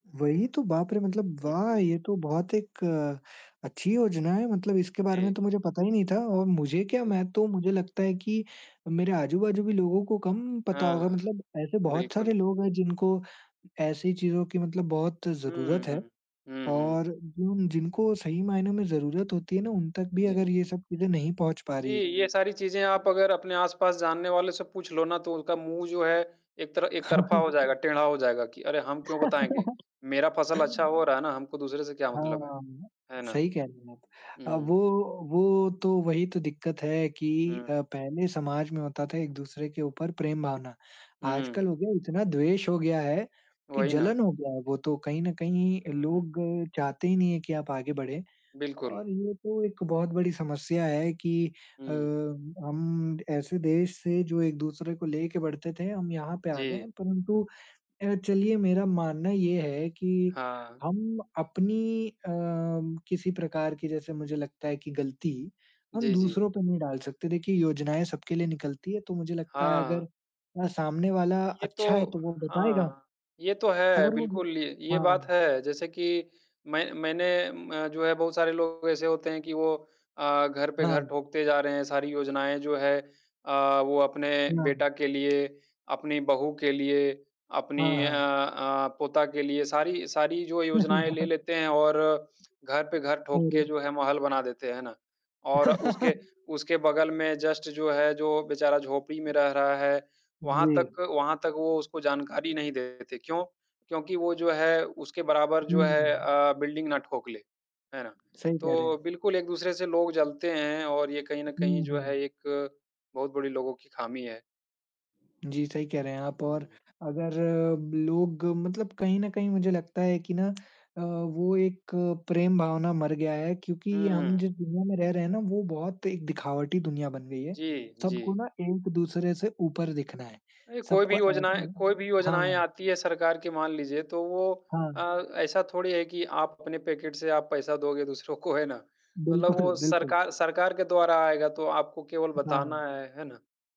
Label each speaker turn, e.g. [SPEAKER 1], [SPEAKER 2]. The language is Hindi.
[SPEAKER 1] वही तो, बाप रे! मतलब
[SPEAKER 2] हुँ,
[SPEAKER 1] वाह!
[SPEAKER 2] हुँ।
[SPEAKER 1] ये तो बहुत एक अच्छी योजना है। मतलब इसके बारे में
[SPEAKER 2] जी।
[SPEAKER 1] तो मुझे पता ही नहीं था और मुझे क्या
[SPEAKER 2] जी।
[SPEAKER 1] मैं तो मुझे लगता है कि मेरे आजू बाजू भी लोगों को कम पता
[SPEAKER 2] हाँ,
[SPEAKER 1] होगा।
[SPEAKER 2] हाँ।
[SPEAKER 1] मतलब ऐसे बहुत
[SPEAKER 2] बिल्कुल।
[SPEAKER 1] सारे लोग है जिनको ऐसी चीज़ों की मतलब बहुत ज़रूरत
[SPEAKER 2] हुँ,
[SPEAKER 1] है।
[SPEAKER 2] हुँ। हुँ, हुँ।
[SPEAKER 1] और जिन जिनको सही मायने में ज़रूरत होती है ना, उन तक भी
[SPEAKER 2] जी।
[SPEAKER 1] अगर ये सब चीज़े नहीं पहुँच पा
[SPEAKER 2] जी,
[SPEAKER 1] रही है
[SPEAKER 2] ये सारी चीज़ें
[SPEAKER 1] सही
[SPEAKER 2] आप
[SPEAKER 1] है।
[SPEAKER 2] अगर अपने आस-पास जानने वाले से पूछ लो ना तो उसका मुँह जो है एक तर एक
[SPEAKER 1] हाँ,
[SPEAKER 2] तरफ़ा हो
[SPEAKER 1] हाँ।
[SPEAKER 2] जाएगा, टेढ़ा हो जाएगा कि अरे! हम क्यों बताएँगे? मेरा फसल अच्छा हो रहा है ना, हमको दूसरे से क्या मतलब है?
[SPEAKER 1] हाँ।
[SPEAKER 2] है ना?
[SPEAKER 1] सही कह रही हैं आप। अ, वो
[SPEAKER 2] हुँ।
[SPEAKER 1] वो तो वही तो दिक्कत है कि
[SPEAKER 2] हुँ।
[SPEAKER 1] अ, पहले समाज में होता था एक-दूसरे के ऊपर प्रेम-भावना। आज कल
[SPEAKER 2] हुँ।
[SPEAKER 1] हो गया इतना द्वेष हो गया है कि
[SPEAKER 2] वही ना।
[SPEAKER 1] जलन हो गया है वो तो, कहीं न कहीं
[SPEAKER 2] उहुँ।
[SPEAKER 1] लोग चाहते ही नहीं है कि आप आगे बढ़ें।
[SPEAKER 2] बिल्कुल।
[SPEAKER 1] और ये तो एक बहुत बड़ी समस्या है कि अ,
[SPEAKER 2] हुँ।
[SPEAKER 1] हम ऐसे देश से जो एक-दूसरे को लेके बढ़ते थे, हम यहाँ पे आ गए
[SPEAKER 2] जी।
[SPEAKER 1] हैं। परंतु अ, चलिए मेरा मानना ये है कि
[SPEAKER 2] हाँ।
[SPEAKER 1] हम अपनी अ, किसी प्रकार की जैसे मुझे लगता है कि गलती, हम
[SPEAKER 2] जी, जी।
[SPEAKER 1] दूसरों पे नहीं डाल सकते। देखिए योजनाएँ सबके लिए निकलती हैं, तो मुझे लगता है
[SPEAKER 2] हाँ।
[SPEAKER 1] अगर अ, सामने वाला
[SPEAKER 2] ये तो
[SPEAKER 1] अच्छा है तो वो बताएगा।
[SPEAKER 2] हाँ, ये तो है।
[SPEAKER 1] अगर वो
[SPEAKER 2] बिल्कुल, य ये
[SPEAKER 1] हाँ।
[SPEAKER 2] बात है जैसे कि मैं मैंने अ, जो है बहुत सारे लोग ऐसे होते हैं कि वो अ, घर पे घर
[SPEAKER 1] हाँ।
[SPEAKER 2] ठोकते जा रहे हैं। सारी योजनाएँ जो है अ, वो अपने
[SPEAKER 1] हाँ।
[SPEAKER 2] बेटा के लिए, अपनी बहु के लिए, अपनी
[SPEAKER 1] हाँ,
[SPEAKER 2] अ
[SPEAKER 1] हाँ।
[SPEAKER 2] अ, पोता के लिए। सारी सारी जो योजनाएँ ले लेते हैं और घर पे घर ठोक
[SPEAKER 1] अरे!
[SPEAKER 2] के जो है महल बना देते है ना? और उसके उसके बगल में जस्ट जो है जो बेचारा झोपड़ी में रह रहा है, वहाँ
[SPEAKER 1] जी।
[SPEAKER 2] तक वहाँ तक वो उसको जानकारी नहीं देते। क्यों? क्योंकि वो जो है उसके बराबर जो
[SPEAKER 1] हुँ,
[SPEAKER 2] है
[SPEAKER 1] हुँ।
[SPEAKER 2] अ, बिल्डिंग ना ठोकले। है ना?
[SPEAKER 1] सही कह रहे
[SPEAKER 2] तो
[SPEAKER 1] हैं।
[SPEAKER 2] बिल्कुल एक-दूसरे से लोग जलते हैं और ये कहीं न कहीं
[SPEAKER 1] हुँ,
[SPEAKER 2] जो है
[SPEAKER 1] हुँ।
[SPEAKER 2] एक बहुत बड़ी लोगों की खामी है।
[SPEAKER 1] जी, सही कह रहे हैं आप
[SPEAKER 2] हुँ,
[SPEAKER 1] और
[SPEAKER 2] हुँ।
[SPEAKER 1] अगर लोग मतलब कहीं न कहीं मुझे लगता है कि ना अ, वो एक प्रेम-भावना मर गया है क्योंकि हम
[SPEAKER 2] हुँ।
[SPEAKER 1] जिस दुनिया में रह रहे हैं ना, वो बहुत एक दिखावटी दुनिया बन गई है।
[SPEAKER 2] जी,
[SPEAKER 1] सबको
[SPEAKER 2] जी।
[SPEAKER 1] ना एक-दूसरे से ऊपर दिखना है।
[SPEAKER 2] अरे! कोई भी
[SPEAKER 1] सबको ऐसे
[SPEAKER 2] योजनाएँ
[SPEAKER 1] ही है।
[SPEAKER 2] कोई भी योजनाएँ
[SPEAKER 1] हाँ।
[SPEAKER 2] आती है सरकार की मान लीजिए तो वो
[SPEAKER 1] हाँ।
[SPEAKER 2] अ, ऐसा थोड़ी है कि आप अपने पैकेट से आप पैसा दोगे दूसरों को है ना? मतलब
[SPEAKER 1] बिल्कुल,
[SPEAKER 2] वो
[SPEAKER 1] बिल्कुल।
[SPEAKER 2] सरकार सरकार के द्वारा आएगा तो आपको केवल
[SPEAKER 1] हाँ।
[SPEAKER 2] बताना है, है ना?